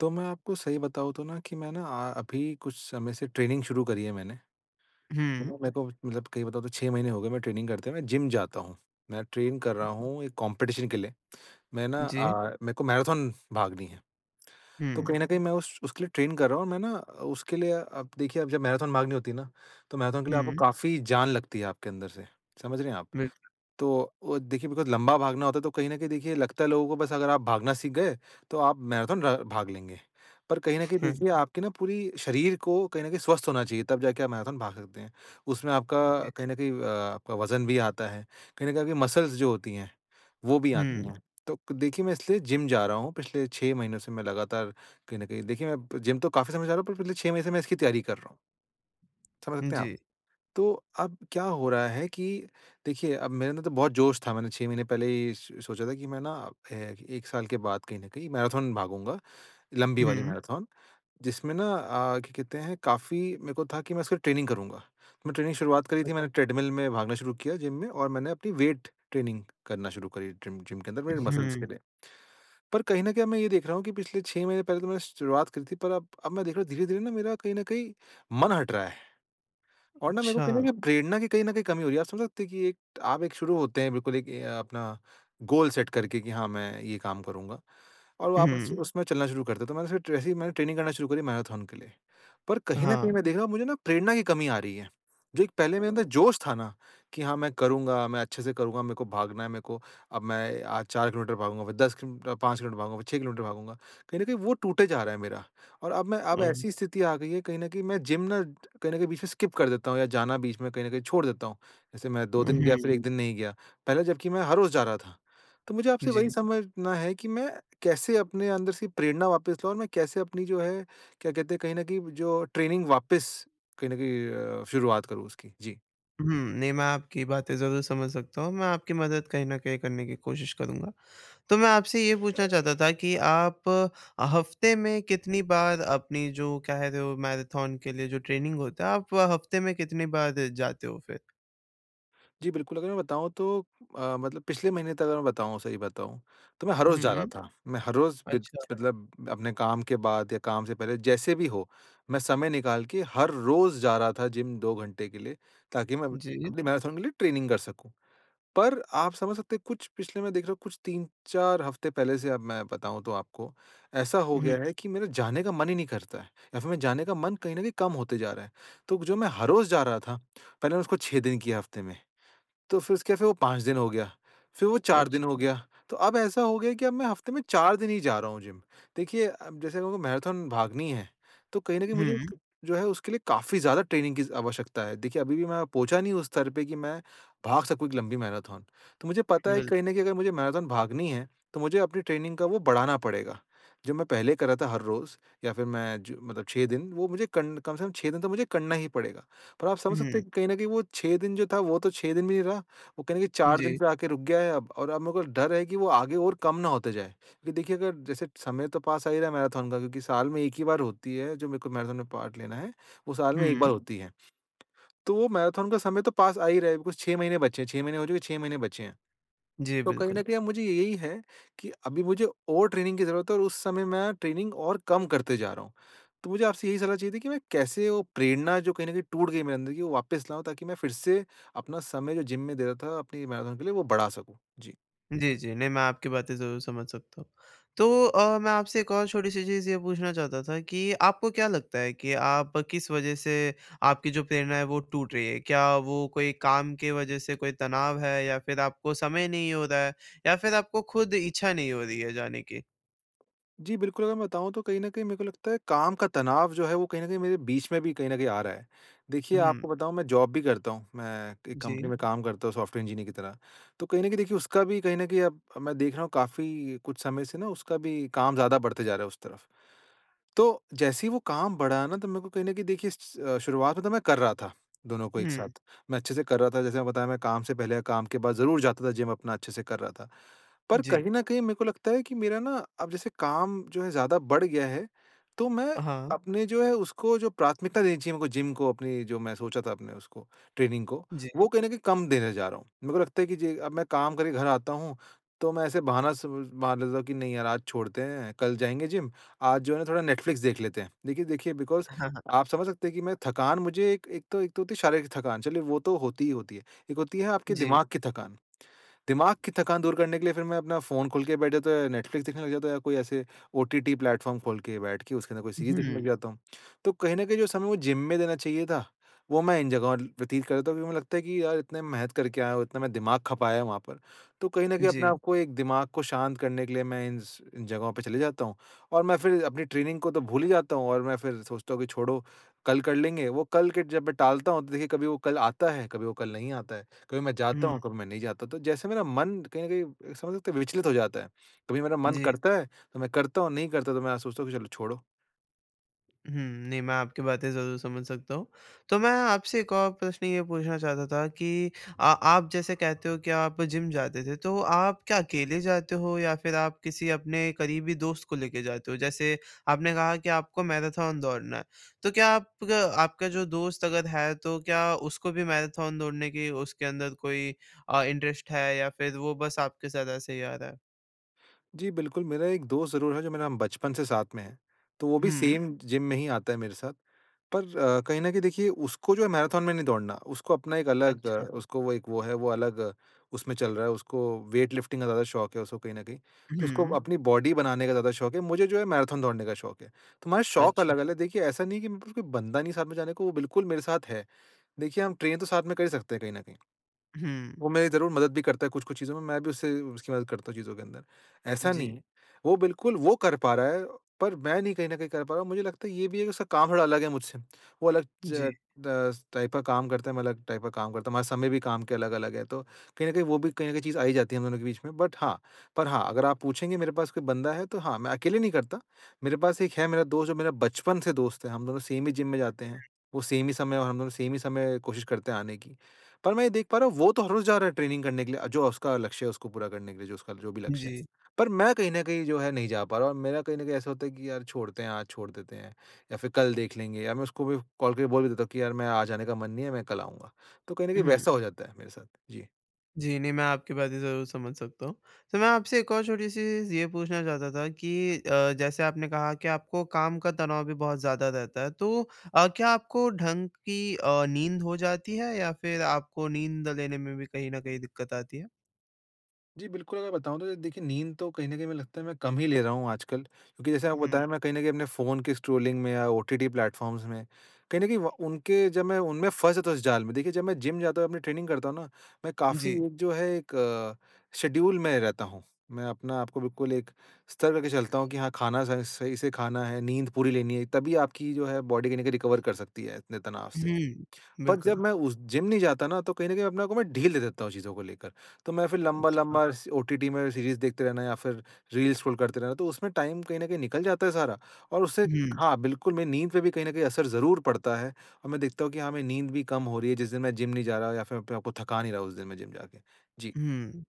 तो मैं आपको सही बताऊँ तो ना कि मैं आ अभी कुछ समय से ट्रेनिंग शुरू करी है मैंने। तो न, हुँ। मेरे को मतलब कहीं बताओ तो 6 महीने हो गए मैं ट्रेनिंग करते हैं मैं जिम जाता हूँ। मैं ट्रेन कर रहा हूँ 1 कॉम्पिटिशन के लिए। मैं ना जी। अ, मेरे को मैराथन भागनी है। तो कहीं हुँ। न कहीं मैं उस उसके लिए ट्रेन कर रहा हूँ और मैं ना अ, उसके लिए अब देखिए जब मैराथन भागनी होती है ना, तो मैराथन के लिए आपको हुँ। काफ़ी जान लगती है आपके अंदर से। समझ रहे हैं आप? बिल्कुल। तो अ, देखिए मतलब लंबा भागना होता है तो कहीं न कहीं देखिए लगता है लोगों को बस अगर आप भागना सीख गए तो आप मैराथन र भाग लेंगे। पर कहीं न कहीं हुँ। देखिए आपके न पूरी शरीर को कहीं न कहीं स्वस्थ होना चाहिए तब जाके आप मैराथन भाग सकते हैं। उसमें आपका जी। कहीं न कहीं अ, आपका वज़न भी आता है, कहीं न कहीं आपकी मसल्स जो होती हैं वो भी आती हुँ। हैं। तो देखिए, मैं इसलिए जिम जा रहा हूँ, पिछले 6 महीनों से मैं लगातार कहीं न कहीं। देखिए मैं जिम तो काफ़ी समय जा रहा हूँ पर पिछले 6 महीने से मैं इसकी तैयारी कर रहा हूँ। समझ सकते हैं आप? जी। तो अब क्या हो रहा है कि देखिए अब मेरे अंदर तो बहुत जोश था मैंने 6 महीने पहले ही स सोचा था कि मैं ना फ़े 1 साल के बाद कहीं न कहीं मैराथन भागूँगा लंबी वाली हुँ। मैराथन जिसमें ना अ, क्या कहते हैं काफ़ी मेरे को था कि मैं उसका ट्रेनिंग करूँगा। मैं ट्रेनिंग की शुरुआत करी थी मैंने अच्छा। ट्रेडमिल में भागना शुरू किया जिम में और मैंने अपनी वेट ट्रेनिंग करना शुरू करी ट्रीम जिम के अंदर अ, मेरे मसल्स के हुँ। लिए। पर कहीं न कहीं अब मैं ये देख रहा हूँ कि पिछले 6 महीने पहले तो मैंने शुरुआत करी थी पर अब अब मैं देख रहा हूँ धीरे-धीरे न मेरा कहीं न कहीं मन हट रहा है। और ना मेरे को कहीं न अच्छा। कहीं प्रेरणा की कहीं न कहीं कमी हो रही है। आप समझ सकते हैं कि आप एक शुरू होते हैं बिल्कुल एक ये अपना गोल सेट करके कि हाँ, मैं ये काम करूँगा। और वापस से हुँ। उसमें चलना शुरू करते हैं। तो मैंने एस ऐसे ही मैंने ट्रेनिंग करना शुरू करी मैराथन के लिए। पर कहीं न कहीं हाँ। मैं देख रहा हूँ मुझे न प्रेरणा की कमी आ रही है। जो पहले मेरे अंदर जोश था ना कि हाँ मैं करूँगा, मैं अच्छे से करूँगा, मेरे को भागना है मेरे को अब मैं आज 4 किलोमीटर भागूँगा फ़िर 10 किल 5 किलोमीटर भागूँगा फ़िर 6 किलोमीटर भागूँगा। कहीं न कहीं वो टूटे जा रहा है मेरा और अब मैं अब अम ऐसी स्थिति आ गई है कहीं न कहीं मैं जिम ना कहीं न कहीं बीच में स्किप कर देता हूँ या जाना बीच में कहीं न कहीं छोड़ देता हूँ। जैसे मैं 2 हुँ, दिन गया हुँ। फ़िर 1 दिन नहीं गया। पहले जबकि मैं हर रोज़ जा रहा था। तो मुझे आपसे वही जी। समझना है कि, मैं कैसे अपने अंदर से प्रेरणा वापस लाऊँ और मैं कैसे अपनी जो है क्या कहते हैं कहीं न कहीं जो ट्रेनिंग वापस कहीं न कहीं अ, शुरुआत करूँ उसकी? जी। हुँ, नहीं मैं आपकी बातें ज़रूर समझ सकता हूँ। मैं आपकी मदद कहीं न कहीं करने की कोशिश करूँगा। तो मैं आपसे ये पूछना चाहता था कि, आप अ, हफ्ते में कितनी बार अपनी जो कह रहे हो मैराथन के लिए जो ट्रेनिंग होता है आप हफ्ते में कितनी बार जाते हो फ़िर? जी, बिल्कुल अगर मैं बताऊँ तो अ, मतलब पिछले महीने तक अगर मैं बताऊँ सही बताऊँ तो मैं हर रोज़ जा रहा हुँ। था। मैं हर रोज़ बिद अच्छा। मतलब अपने काम के बाद या काम से पहले। जैसे भी हो मैं समय निकाल के हर रोज़ जा रहा था जिम 2 घंटे के लिए ताकि मैं जी। अपनी मैराथन के लिए ट्रेनिंग कर सकूँ। पर आप समझ सकते हैं कुछ पिछले में देख रहा हूँ कुछ 3-4 हफ्ते पहले से अब मैं बताऊँ तो आपको ऐसा हो हुँ। गया है कि मेरा जाने का मन ही नहीं करता है। या फिर मेरा जाने का मन कहीं न कहीं कम होते जा रहा है। तो जो मैं हर रोज जा रहा था, पहले मैंने उसको 6 दिन किया हफ्ते में। तो फिर उसके फिर वो 5 दिन हो गया, फिर वो 4 दिन अच्छा। हो गया, तो अब ऐसा हो गया कि अब मैं हफ्ते में 4 दिन ही जा रहा हूँ जिम। देखिए अब जैसे मेरे को मैराथन भागनी है, तो कहीं न कहीं मुझे हुँ। जो है उसके लिए काफ़ी ज़्यादा ट्रेनिंग की ज़ आवश्यकता है। देखिए अभी भी मैं पहुँचा नहीं उस स्तर पे कि मैं भाग सकूँ एक लंबी मैराथन तो मुझे पता है कि बिल कहीं न कहीं अगर मुझे मैराथन भागनी है तो मुझे अपनी ट्रेनिंग का वो बढ़ाना पड़ेगा। जो मैं पहले कर रहा था हर रोज़ या फिर मैं जो मतलब 6 दिन वो कं कम से कम 6 दिन तो मुझे करना ही पड़ेगा। पर आप समझ सकते हुँ। हैं कि कहीं न कहीं वो 6 दिन जो था वो तो 6 दिन भी नहीं रहा, वो कहीं न कहीं की 4 दिन जी। पे आके रुक गया है अब और अब मेरे को डर है कि वो आगे और कम ना होते जाए। क्योंकि देखिए अगर जैसे समय तो पास आ ही रहा है मैराथन का क्योंकि साल में 1 ही बार होती है जो मेरे को मैराथन में पार्ट लेना है वो साल में 1 बार हुँ। होती है। तो वो मैराथन का समय तो पास आ ही रहा है बिकॉज़ 6 महीने बचे हैं 6 महीने हो चुके 6 महीने बचे हैं। जी, तो कहीं बिल्कुल। न कहीं अब मुझे यही है कि अभी मुझे और ट्रेनिंग की ज़रूरत है और उस समय मैं ट्रेनिंग और कम करते जा रहा हूँ। तो मुझे आपसे यही सलाह चाहिए थी कि मैं कैसे वो प्रेरणा जो कहीं न कहीं टूट गई मेरे अंदर कि वो वापस लाऊँ ताकि मैं फिर से अपना समय जो जिम में दे रहा था अपनी मैराथन के लिए वो बढ़ा सकूँ। जी। जी, जी। नहीं मैं आपकी बातें ज़रूर समझ सकता हूँ। तो अ, मैं आपसे एक और छोटी-सी चीज़ ये पूछना चाहता था कि आपको क्या लगता है कि आप किस वजह से आपकी जो प्रेरणा है वो टूट रही है? क्या वो कोई काम की वजह से कोई तनाव है या फिर आपको समय नहीं हो रहा है या फिर आपको खुद इच्छा नहीं हो रही है जाने की? जी, बिल्कुल अगर मैं बताऊँ तो कहीं न कहीं मेरे को लगता है काम का तनाव जो है, वो कहीं न कहीं मेरे बीच में भी कहीं न कहीं आ रहा है। देखिए, हुँ। आपको बताऊँ मैं जॉब भी करता हूँ। मैं एक कंपनी जी। में काम करता हूँ सॉफ्टवेयर इंजीनियर की तरह। तो कहीं न कहीं देखिए उसका भी कहीं न कहीं अब अब मैं देख रहा हूँ काफ़ी कुछ समय से ना उसका भी काम ज़्यादा बढ़ते जा रहा है उस तरफ़। तो, जैसे ही वो काम बढ़ा ना तो मेरे को कहीं न कहीं देखिए स अ, शुरुआत में तो मैं कर रहा था, दोनों को एक हुँ। साथ। मैं अच्छे से कर रहा था जैसे मैंने बताया मैं काम से पहले, काम के बाद ज़रूर जाता था जिम अपना अच्छे से कर रहा था। पर जी। कहीं न कहीं मेरे को लगता है कि मेरा ना, अब जैसे काम जो है ज़्यादा बढ़ गया है, तो मैं, हाँ। अपने जो है उसको जो प्राथमिकता देनी चाहिए मेरे को जिम को अपनी जो मैं सोचा था अपने उसको, ट्रेनिंग को, जी। वो कहीं न कहीं कम देने जा रहा हूँ। मेरे को लगता है कि जे अब मैं काम करके घर आता हूँ, तो मैं ऐसे बहाना स मार लेता हूँ कि नहीं यार आज छोड़ते हैं, कल जाएँगे जिम, आज जो है ना थोड़ा नेटफ्लिक्स देख लेते हैं। देखिए देखिए बिकॉज़ हाँ, हाँ। आप समझ सकते हैं कि मैं थकान मुझे एक एक तो एक तो होती है शारीरिक थकान चलिए वो तो होती ही होती है। एक होती है आपके जी। दिमाग़ की थकान, दिमाग़ की थकान दूर करने के लिए फिर मैं अपना फ़ोन खोल के बैठ जाता हूँ या नेटफ्लिक्स देखने लग जाता हूँ या कोई ऐसे ओटीटी प्लेटफ़ॉर्म खोल के बैठ के उसके अंदर कोई सीरीज़ देखने लग जी। जाता हूँ। तो कहीं न कहीं जो समय वो जिम में देना चाहिए था, वो मैं इन जगहों व्यतीत कर देता हूँ क्योंकि मुझे लगता है कि यार इतने मेहनत करके आया हूँ, इतना मैं दिमाग़ खपाया है वहाँ पर। तो कहीं न कहीं अपने जी। आपको एक दिमाग़ को शांत करने के लिए मैं इन्स इन जगहों पे चले जाता हूँ। और मैं फिर अपनी ट्रेनिंग को तो भूल ही जाता हूँ और मैं फिर सोचता हूँ कि छोड़ो, कल कर लेंगे। वो कल के जब मैं टालता हूँ तो देखिए कभी वो कल आता है, कभी वो कल नहीं आता है। कभी मैं जाता हूँ, हुँ। कभी मैं नहीं जाता। तो जैसे मेरा मन कहीं न कहीं समझ सकते हैं विचलित हो जाता है, कभी मेरा मन जी। करता है, तो मैं करता हूँ, नहीं करता तो मैं सोचता हूँ कि चलो छोड़ो। हुँ। नहीं, मैं आपकी बातें ज़रूर समझ सकता हूँ। तो मैं आपसे एक और प्रश्न ये पूछना चाहता था कि अ, आप जैसे कहते हो कि आप जिम जाते थे। तो आप क्या अकेले जाते हो या फिर आप किसी अपने करीबी दोस्त को लेके जाते हो? जैसे आपने कहा कि आपको मैराथन दौड़ना है, तो क्या आपका आपका जो दोस्त अगर है तो क्या उसको भी मैराथन दौड़ने के उसके अंदर कोई अ, इंटरेस्ट है या फिर वो बस आपके साथ ऐसे ही आ रहा है? जी, बिल्कुल। मेरा एक दोस्त ज़रूर है जो मेरा बचपन से साथ में है तो वो भी हुँ। सेम जिम में ही आता है मेरे साथ। पर कहीं न कहीं देखिए उसको जो है मैराथन में नहीं दौड़ना, उसको अपना एक अलग अच्छा। उसको वो एक वो है। वो अलग उसमें चल रहा है उसको वेट लिफ्टिंग का ज़्यादा शौक है उसको कहीं न कहीं। तो उसको हुँ। अपनी बॉडी बनाने का ज़्यादा शौक है, मुझे जो है मैराथन दौड़ने का शौक है। तो हमारे शौक अच्छा। अलग-अलग देखिए ऐसा नहीं है कि मेरे पास कोई बंदा नहीं साथ में जाने को वो बिल्कुल मेरे साथ है। देखिए हम ट्रेन तो साथ में कर ही सकते हैं कहीं न कहीं। हुँ। वो मेरी ज़रूर मदद भी करता है कुछ-कुछ चीज़ों में मैं भी उससे उसकी मदद करता हूँ चीज़ों के अंदर। ऐसा नहीं जी। है। वो बिल्कुल वो कर पा रहा है पर मैं नहीं कहीं न कहीं कर पा रहा हूँ। मुझे लगता है ये भी है कि उसका काम थोड़ा अलग है मुझसे। वो अलग जी। च 10 टाइप का काम करता है, मैं अलग टाइप का काम करता हूँ। हमारा समय भी काम के अलग-अलग है। तो कहीं न कहीं वो भी कहीं न चीज़ आ ही जाती है हम दोनों के बीच में। बट हाँ पर हाँ, अगर आप पूछेंगे मेरे पास कोई बंदा है तो हाँ, मैं अकेले नहीं करता। मेरे पास एक है मेरा दोस्त जो मेरा बचपन से दोस्त है हम दोनों सेम ही जिम में जाते हुँ। हैं। वो सेम ही समय और हम दोनों सेम ही समय कोशिश करते हैं आने की। पर मैं ये देख पा रहा हूँ वो तो हर रोज़ जा रहा है ट्रेनिंग करने के लिए, जो उसका लक्ष्य है उसको पूरा करने के लिए। जो उसका जो भी लक्ष्य है। जी। पर मैं कहीं न कहीं जो है नहीं जा पा रहा हूँ। और मेरा कहीं न कहीं ऐसा होता है कि यार छोड़ते हैं, आज छोड़ देते हैं या फिर कल देख लेंगे या मैं उसको भी कॉल करके बोल भी देता हूँ कि यार मैं आज जाने का मन नहीं है, मैं कल आऊँगा। तो कहीं न कहीं हुँ। वैसा हो जाता है मेरे साथ। जी। जी, नहीं मैं आपकी बातें ज़रूर समझ सकता हूँ। तो मैं आपसे एक और छोटी-सी चीज़ ये पूछना चाहता था कि अ, जैसे आपने कहा कि आपको काम का तनाव भी बहुत ज़्यादा रहता है तो अ, क्या आपको ढंग की अ, नींद हो जाती है या फिर आपको नींद लेने में भी कहीं न कहीं दिक्कत आती है? जी, बिल्कुल अगर बताऊँ तो अ, देखिए नींद तो कहीं न कहीं में लगता है मैं कम ही ले रहा हूँ आजकल, क्योंकि जैसे आपको उहुँ। बताया मैं कहीं न कहीं अपने फ़ोन के स्ट्रॉलिंग में या ओटीटी प्लेटफॉर्म्स में कहीं न कहीं व उनके जब मैं उनमें फँस था उस जाल में देखिए जब मैं जिम जाता हूँ अपनी ट्रेनिंग करता हूँ ना, मैं काफ़ी जी। एक जो है एक शेड्यूल में रहता हूँ। मैं अपने आप को बिल्कुल एक स्तर करके चलता हूँ कि हाँ, खाना स सही से खाना है, नींद पूरी लेनी है तभी आपकी जो है बॉडी कहीं न कहीं रिकवर कर सकती है इतने तनाव से। उहुँ, बट जब बिल्कुल। मैं उस जिम नहीं जाता ना तो कहीं न कहीं अपने आप को मै ढील दे देता हूँ चीज़ों को लेकर, तो मैं फिर अच्छा। लंबा-लंबा स ओटीटी में सीरीज़ देखते रहना या फिर रील्स स्क्रॉल करते रहना तो उसमें टाइम कहीं न कहीं निकल जाता है सारा और उससे उहुँ। हाँ, बिल्कुल मेरी नींद पे भी कहीं न कहीं असर ज़रूर पड़ता है, और मैं देखता हूँ कि हाँ, मेरी नींद भी कम हो रही है जिस दिन मैं जिम नहीं जा रहा या फिर अपने आप को थका नहीं रहा उस दिन मैं जिम जाके। जी। हुँ।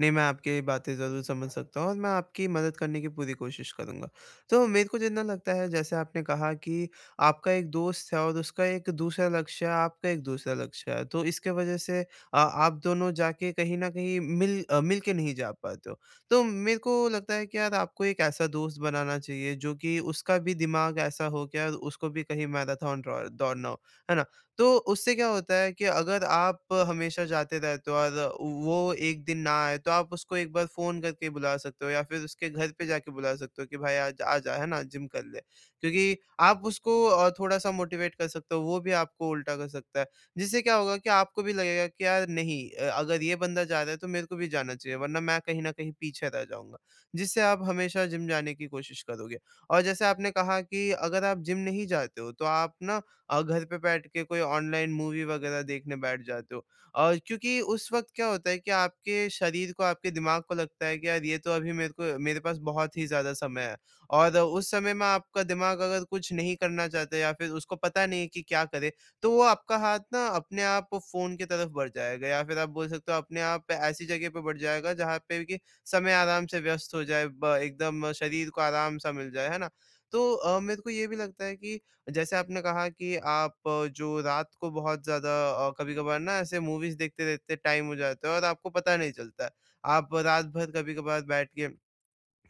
नहीं, मैं आपकी बातें ज़रूर समझ सकता हूँ और मैं आपकी मदद करने की पूरी कोशिश करूँगा। तो मेरे को जितना लगता है जैसे आपने कहा कि आपका एक दोस्त है और उसका एक दूसरा लक्ष्य है, आपका एक दूसरा लक्ष्य है, तो इसके वजह से अ, आप दोनों जाके कहीं न कहीं मिल अ, मिलके नहीं जा पाते हो। तो मेरे को लगता है कि यार, आपको एक ऐसा दोस्त बनाना चाहिए जो कि उसका भी दिमाग ऐसा हो कि यार उसको भी कहीं मैराथन ड्रॉ दौड़ना हो। है ना? तो उससे क्या होता है कि अगर आप हमेशा जाते रहते हो और व वो एक दिन ना आए तो आप उसको एक बार फ़ोन करके बुला सकते हो या फिर उसके घर पे जाके बुला सकते हो कि, भाई आज आजा, है ना? जिम कर ले। क्योंकि आप उसको अ, थोड़ा-सा मोटिवेट कर सकते हो वो भी आपको उल्टा कर सकता है, जिससे क्या होगा कि आपको भी लगेगा कि, "यार नहीं अ, अगर ये बंदा जा रहा है तो मेरे को भी जाना चाहिए वरना मैं कहीं न कहीं पीछे रह जाऊँगा।" जिससे आप हमेशा जिम जाने की कोशिश करोगे। और जैसे आपने कहा कि अगर आप जिम नहीं जाते हो तो आप ना अ, घर पे बैठके कोई ऑनलाइन मूवी वगैरह देखने बैठ जाते हो और क्योंकि उस वक़्त क्या होता है कि आपके शरीर को आपके दिमाग को लगता है कि, "यार ये तो अभी मेरे को मेरे पास बहुत ही ज़्यादा समय है।" और उस समय में आपका दिमाग अगर कुछ नहीं करना चाहते या फिर उसको पता नहीं है कि क्या करें, तो वो आपका हाथ ना अपने आप फ़ोन की तरफ बढ़ जाएगा या फिर आप बोल सकते हो अपने आप ऐसी जगह पे बढ़ जाएगा, जहाँ पे कि समय आराम से व्यस्त हो जाए ब एकदम शरीर को आराम-सा मिल जाए। है ना? तो अ, मेरे को ये भी लगता है कि जैसे आपने कहा कि आप जो रात को बहुत ज़्यादा अ, कभी-कभार ना ऐसे मूवीज़ देखते-देखते टाइम हो जाता है और आपको पता नहीं चलता है। आप रातभर कभी-कभार बैठ के,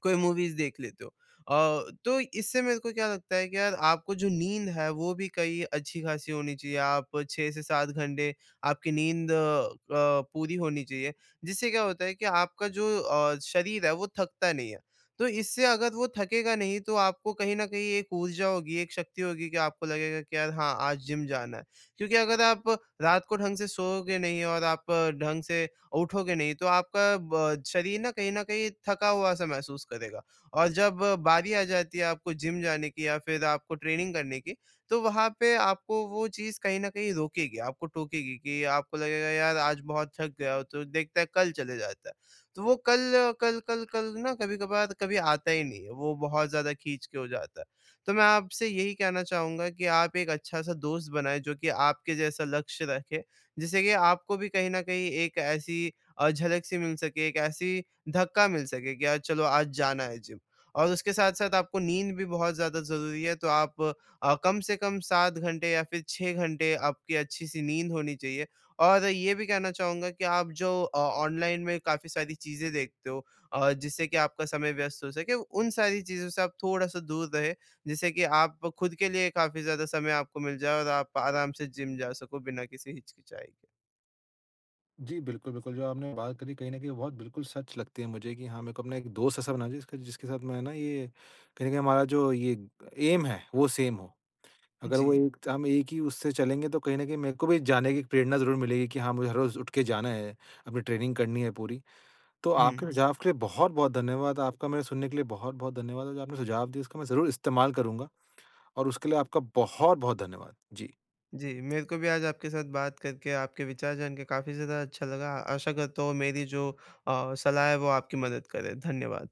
कोई मूवीज़ देख लेते हो। अ, तो इससे मेरे को क्या लगता है कि यार आपको जो नींद है, वो भी कई अच्छी-खासी होनी चाहिए। आप 6 से 7 घंटे आपकी नींद अ, पूरी होनी चाहिए। जिससे क्या होता है कि आपका जो अ, शरीर है वो थकता नहीं है। तो इससे अगर वो थकेगा नहीं तो आपको कहीं न कहीं एक ऊर्जा होगी, एक शक्ति होगी कि आपको लगेगा कि यार हाँ, आज जिम जाना है। क्योंकि अगर आप रात को ढंग से सोओगे नहीं और आप ढंग से उठोगे नहीं तो आपका ब शरीर ना कहीं न कहीं थका हुआ सा महसूस करेगा और जब बारी आ जाती है आपको जिम जाने की या फिर आपको ट्रेनिंग करने की, तो वहाँ पे आपको वो चीज़ कहीं न कहीं रोकेगी, आपको टोकेगी कि आपको लगेगा, "यार आज बहुत थक गया हूँ तो देखते हैं, कल चले जाता है।" तो वो कल, कल कल कल ना कभी-कभार कभी आता ही नहीं है, वो बहुत ज़्यादा खींच के हो जाता है। तो मैं आपसे यही कहना चाहूँगा कि आप एक अच्छा-सा दोस्त बनाएँ जो कि आपके जैसा लक्ष्य रखे, जिससे कि आपको भी कहीं न कहीं एक ऐसी अ, झलक-सी मिल सके, एक ऐसी धक्का मिल सके कि यार चलो आज जाना है जिम, और उसके साथ-साथ आपको नींद भी बहुत ज़्यादा ज़रूरी है। तो आप अ, कम से कम 7 घंटे या फिर 6 घंटे आपकी अच्छी-सी नींद होनी चाहिए और ये भी कहना चाहूँगा कि आप जो अ, ऑनलाइन में काफ़ी सारी चीज़ें देखते हो अ, जिससे कि आपका समय व्यस्त हो सके, उन सारी चीज़ों से आप थोड़ा-सा दूर रहें, जिससे कि आप खुद के लिए काफ़ी ज़्यादा समय आपको मिल जाए और आप आराम से जिम जा सको बिना किसी हिचकिचाई के। जी बिल्कुल, बिल्कुल जो आपने बात करी कहीं न कहीं बहुत बिल्कुल सच लगती है मुझे कि हाँ, मेरे को अपना एक दोस्त ऐसा बना जिसका जिसके साथ मैं ना ये कहीं न कहीं हमारा जो ये ऐम है वो सेम हो। अगर वो जी। एक त हम एक ही उससे चलेंगे तो कहीं न कहीं मेरे को भी जाने की प्रेरणा ज़रूर मिलेगी कि हाँ, मुझे हर रोज़ उठ के जाना है, अपनी ट्रेनिंग करनी है पूरी। तो आपके उहुँ। सुझाव के लिए बहुत-बहुत धन्यवाद, आपका मुझे सुनने के लिए बहुत-बहुत धन्यवाद और जो आपने सुझाव दिया उसका मैं ज़रूर इस्तेमाल करूँगा, और उसके लिए आपका बहुत-बहुत धन्यवाद। जी। जी, मेरे को भी आज आपके साथ बात करके आपके विचार जान के काफ़ी ज़्यादा अच्छा लगा, आशा करता हूँ मेरी जो अ, सलाह है वो आपकी मदद करे। धन्यवाद।